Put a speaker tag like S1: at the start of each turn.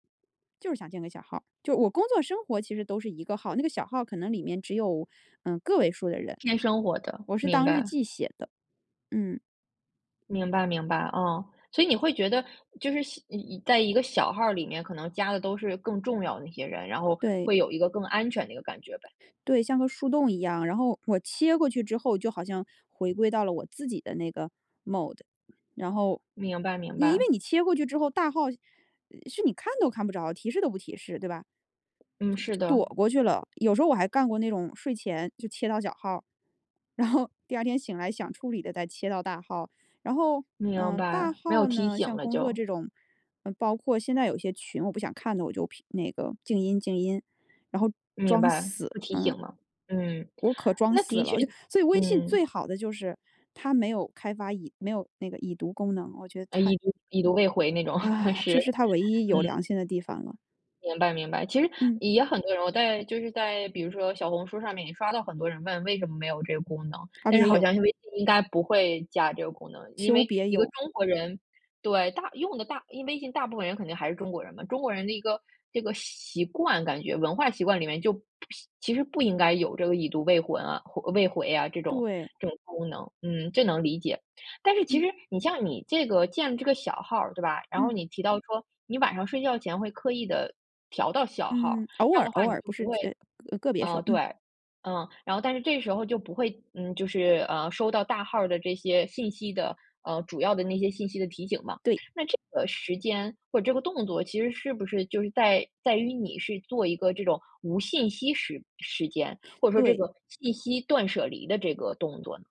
S1: 就是想建个小号，就我工作生活其实都是一个号，那个小号可能里面只有，嗯，个位数的人。
S2: 偏
S1: 就
S2: 生活的，
S1: 我是
S2: 明
S1: 当日
S2: 白。
S1: 记写的。嗯。
S2: 明白明白，哦。所以你会觉得就是小在一个小号里面，可能加的都是更重要的一些人，然后
S1: 对。
S2: 会有一个更安全的一个感觉呗。
S1: 对，像个树洞一样，然后我切过去之后，就好像回归到了我自己的那个 Mode。然后
S2: 明白明
S1: 因为
S2: 白。
S1: 你切过去之后大号是你看都看不着，提示都不提示，对吧？
S2: 嗯，是
S1: 就就
S2: 的。
S1: 躲过去了，有时候我还干过那种睡前就切到小号，然后第二天醒来想处理的再切到大号，然后，
S2: 明
S1: 呃，大
S2: 白，没有
S1: 号
S2: 提
S1: 呢，
S2: 醒
S1: 像
S2: 了
S1: 工作
S2: 就。
S1: 这种，呃，包括现在有些群我不想看的，我就屏那个静音静音，然后
S2: 明
S1: 装
S2: 白，
S1: 死，
S2: 不提醒
S1: 嗯。
S2: 了。嗯，
S1: 我可装
S2: 那
S1: 死
S2: 的确
S1: 了，就所以微信最
S2: 嗯。
S1: 好的就是，它没有开发已没有那个已读功能，我觉得
S2: 诶，
S1: 太
S2: 已读已读未回那种，
S1: 唉，
S2: 是。
S1: 这是它
S2: 嗯。
S1: 唯一有良心的地方了。
S2: 明白明白，其实
S1: 嗯。
S2: 也很多人我在就是在比如说小红书上面也刷到很多人问为什么没有这个功能。
S1: 啊，
S2: 但是
S1: 别
S2: 好
S1: 有。
S2: 像是微信应该不会加这个功能，因
S1: 求
S2: 为
S1: 别
S2: 一个
S1: 有。
S2: 中国人对，大用的大因为微信大部分人肯定还是中国人嘛，中国人的一个这个习惯感觉，文化习惯里面就不是其实不应该有这个已读未婚未回啊，这种
S1: 对。
S2: 这种功能，嗯，这能理解。但是其
S1: 嗯。
S2: 实你像你这个建这个小号，对吧？然后
S1: 嗯。
S2: 你提到说你晚上睡觉前会刻意地调到小号，
S1: 嗯，偶
S2: 这样
S1: 尔
S2: 的话
S1: 偶
S2: 你
S1: 尔，
S2: 就
S1: 不
S2: 不
S1: 是，
S2: 会
S1: 呃，个别时
S2: 嗯，
S1: 候。
S2: 对，
S1: 嗯。
S2: 嗯。然后但是这时候就不会，嗯，就是，呃，收到大号的这些信息的，呃，主要的那些信息的提醒嘛。
S1: 对。
S2: 那这个时间或者这个动作其实是不是就是在在于你是做一个这种无信息时时间，或者说这
S1: 对。
S2: 个信息断舍离的这个动作呢？